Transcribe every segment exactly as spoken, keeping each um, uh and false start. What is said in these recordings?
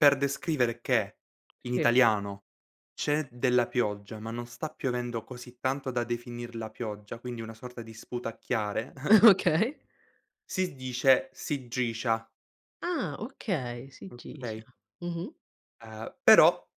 Per descrivere che, in Sì. italiano, c'è della pioggia, ma non sta piovendo così tanto da definirla pioggia, quindi una sorta di sputacchiare Okay. si dice "sigiscia". Ah, okay, sigiscia. Okay. Mh-mh. Ehm, però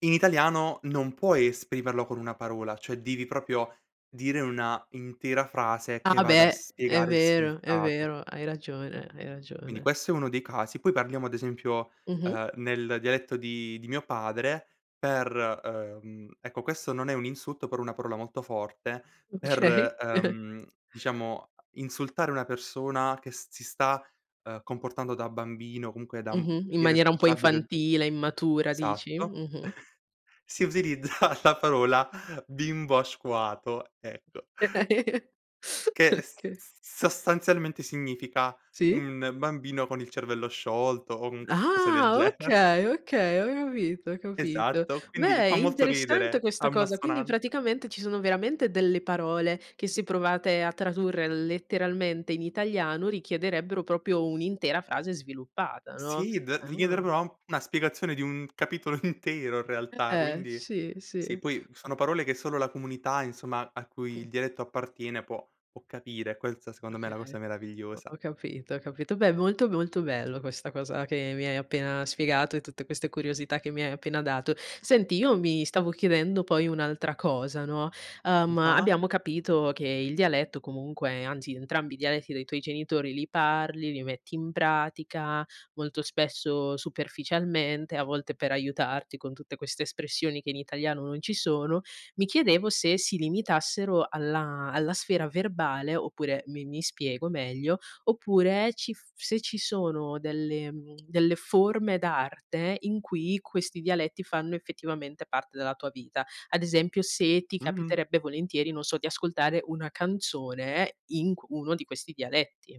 in italiano non puoi esprimerlo con una parola, cioè devi proprio dire una intera frase che Ah, vada a beh, è spiegare il vero, è significato. vero, hai ragione, hai Quindi ragione. questo è uno dei casi. Poi parliamo, ad esempio, Mh-mh. ehm, nel dialetto di di mio padre per, ehm ecco, questo non è un insulto, però è una parola molto forte, Okay. per, ehm, diciamo, insultare una persona che s si sta, ehm, comportando da bambino o comunque da, mhmm, Mh-mh, in maniera un po' irresponsabile. infantile, immatura, Esatto. dici? Mh-mh. Si utilizza la parola "bimbo asquato", ecco che s Oka s sostanzialmente significa: Sì. un bambino con il cervello sciolto, o un qualcosa del Ah! gene Okay, okay, ho capito, ho capito. Esatto, quindi fa Beh, molto interessante ridere, ha questa cosa, quindi un'assonan praticamente ci sono veramente delle parole che se provate a tradurre letteralmente in italiano richiederebbero propio un'intera frase sviluppata, no? Sì d devi chiedere Ah! proprio a un una spiegazione di un capitolo intero in realtà, Eh, quindi sì, sì, sì. poi sono parole che solo la comunità, insomma, a cui Mh. il dialetto appartiene può può capire, questa secondo me è Okay, la cosa ho meravigliosa. ho capito, ho capito. Beh, molto, molto bello questa cosa che mi hai appena spiegato e tutte queste curiosità che mi hai appena dato. Senti, io mi stavo chiedendo poi un'altra cosa, no? Mh, Ehm, ah? abbiamo capito che il dialetto comunque anzi, entrambi i dialetti dei tuoi genitori li parli, li metti in pratica, molto spesso superficialmente, a volte per aiutarti con tutte queste espressioni che in italiano non ci sono. Mi chiedevo se si limitassero alla alla sfera verbale oppure mi mi spiego meglio, oppure ci f se ci sono delle mhmm, delle forme d'arte in cui questi dialetti fanno, effettivamente, parte della tua vita. Ad esempio se ti Mh-mh. capiterebbe volentieri, non so, di ascoltare una canzone in c uno di questi dialetti.